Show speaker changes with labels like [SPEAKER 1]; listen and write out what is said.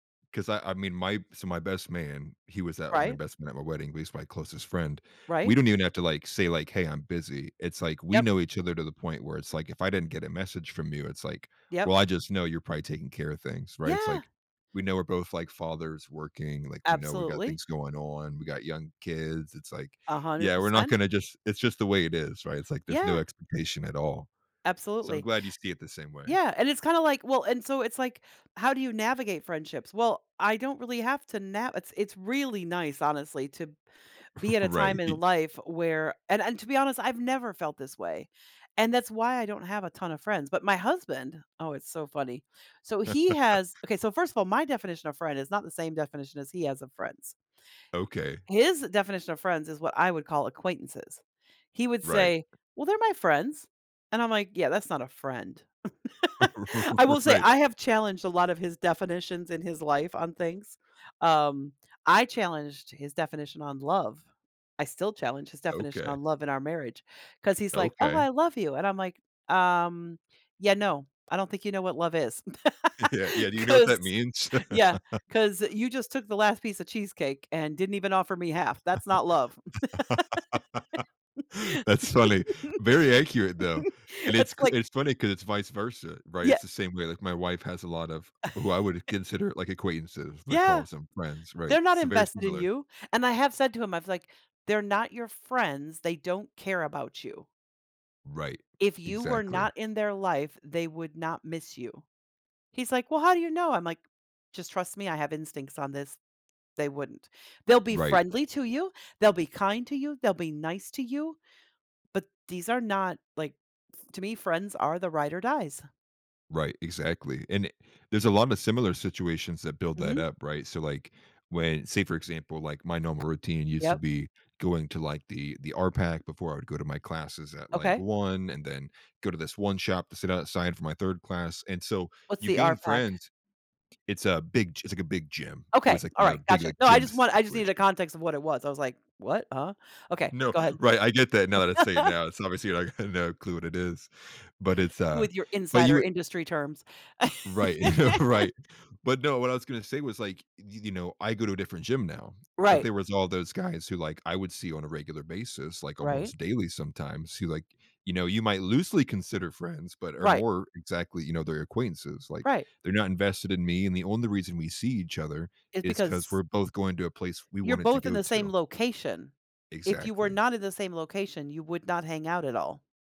[SPEAKER 1] 'Cause I I mean, my so, my best man, he was at my
[SPEAKER 2] Right.
[SPEAKER 1] best man at my wedding, but he's my closest friend. We
[SPEAKER 2] Right.
[SPEAKER 1] don't even have to, like, say, like, "Hey, I'm busy." It's ,like, we
[SPEAKER 2] Yep.
[SPEAKER 1] know each other to the point where it's, like, if I didn't get a message from you, it's, like,
[SPEAKER 2] Yep.
[SPEAKER 1] well, I just know you're probably taking care of things, right? It's,
[SPEAKER 2] Yeah.
[SPEAKER 1] like, we know we're both, like, fathers working, like, we know we got
[SPEAKER 2] Absolutely.
[SPEAKER 1] things going on, we got young kids, it's, like
[SPEAKER 2] a hundred
[SPEAKER 1] yeah, we're not
[SPEAKER 2] percent
[SPEAKER 1] gonna just it's just the way it is, right? It's, like, there's no
[SPEAKER 2] Yeah.
[SPEAKER 1] expectation at all, so, I'm
[SPEAKER 2] Absolutely.
[SPEAKER 1] glad you see it the same way.
[SPEAKER 2] Yeah, and it's kinda, like, well and so, it's like, how do you navigate friendships? Well, I don't really have to na it's it's really nice, honestly, to be at a
[SPEAKER 1] Right,
[SPEAKER 2] time in
[SPEAKER 1] he
[SPEAKER 2] life where and and, to be honest, I've never felt this way, and that's why I don't have a ton of friends, but my husband oh, it's so funny. So, he has okay, so, first of all, my definition of friend is not the same definition as he has of friends
[SPEAKER 1] Okay.
[SPEAKER 2] His definition of friends is what I would call acquaintances. He would
[SPEAKER 1] Right.
[SPEAKER 2] say, "Well, they're my friends." And I'm, like, "Yeah, that's not a friend." I will say,
[SPEAKER 1] Right.
[SPEAKER 2] I have challenged a lot of his definitions in his life on things. Um, I challenged his definition on love. I still challenge his definition
[SPEAKER 1] Okay.
[SPEAKER 2] on love in our marriage, 'cause he's, like, "Oh,
[SPEAKER 1] Okay.
[SPEAKER 2] I love you." And I'm, like, "Um, yeah, no I don't think you know what love is."
[SPEAKER 1] Yeah, yeah do you know what
[SPEAKER 2] 'Cause
[SPEAKER 1] that means?
[SPEAKER 2] Yeah 'cause you just took the last piece of cheesecake and didn't even offer me half that's not love.
[SPEAKER 1] That's funny. Very accurate, though. And it's
[SPEAKER 2] It's,
[SPEAKER 1] c
[SPEAKER 2] like
[SPEAKER 1] it's funny 'cause it's vice versa, right?
[SPEAKER 2] Yeah
[SPEAKER 1] It's the same way, like, my wife has a lot of who I would consider, like, acquaintances, but
[SPEAKER 2] Yeah!
[SPEAKER 1] calls them friends, right?
[SPEAKER 2] They're not
[SPEAKER 1] It's very
[SPEAKER 2] invested in
[SPEAKER 1] similar.
[SPEAKER 2] you, and I have said to him, I was, like, "They're not your friends. They don't care about you"
[SPEAKER 1] Right.
[SPEAKER 2] "if you were not
[SPEAKER 1] Exactly.
[SPEAKER 2] in their life, they would not miss you." He's, like, "Well, how do you know?" I'm, like, "Just trust me. I have instincts on this they wouldn't. They'll be
[SPEAKER 1] Right.
[SPEAKER 2] friendly to you, they'll be kind to you, they'll be nice to you, but these are not, like" to me, friends are the ride or dies.
[SPEAKER 1] Right, exactly, and there's a lot of similar situations that build that
[SPEAKER 2] Mhm.
[SPEAKER 1] up, right? So, like, when say, for example, like, my normal routine used to
[SPEAKER 2] Yep.
[SPEAKER 1] be going to, like, the the RPAC before I would go to my classes at, like
[SPEAKER 2] Okay.
[SPEAKER 1] 1, and then go to this one shop to sit outside for my 3rd class, and so,
[SPEAKER 2] What's
[SPEAKER 1] you
[SPEAKER 2] the
[SPEAKER 1] gain
[SPEAKER 2] RPAC?
[SPEAKER 1] friends It's a big g it's, like, a big gym, it was,
[SPEAKER 2] Okay,
[SPEAKER 1] like, a
[SPEAKER 2] alright,
[SPEAKER 1] big,
[SPEAKER 2] gotcha
[SPEAKER 1] like,
[SPEAKER 2] no, I
[SPEAKER 1] gym
[SPEAKER 2] just want I just needed a
[SPEAKER 1] situation
[SPEAKER 2] context of what it was. I was, like, "What? Uh?" Okay,
[SPEAKER 1] No,
[SPEAKER 2] go ahead.
[SPEAKER 1] right, I get that, now that I say it now, it's obviously, like, no clue what it is, but it's a
[SPEAKER 2] With your
[SPEAKER 1] but you
[SPEAKER 2] insider
[SPEAKER 1] w
[SPEAKER 2] industry terms.
[SPEAKER 1] Right Right. But no, what I was gonna say was, like, y y you know, I go to a different gym now, but
[SPEAKER 2] Right.
[SPEAKER 1] there was all those guys who, like, I would see on a regular basis, like,
[SPEAKER 2] Right.
[SPEAKER 1] almost daily sometimes who, like, you know, you might loosely consider friends, but are
[SPEAKER 2] Right.
[SPEAKER 1] more exactly, you know, they're acquaintances. Like,
[SPEAKER 2] Right.
[SPEAKER 1] they're not invested in me, and the only reason we see each other
[SPEAKER 2] Is
[SPEAKER 1] is 'cause
[SPEAKER 2] because
[SPEAKER 1] we're both going to a place we
[SPEAKER 2] You're
[SPEAKER 1] wanted to
[SPEAKER 2] both in
[SPEAKER 1] go
[SPEAKER 2] the same
[SPEAKER 1] to.
[SPEAKER 2] location. If you were
[SPEAKER 1] Exactly.
[SPEAKER 2] not in the same location, you would not hang out at all.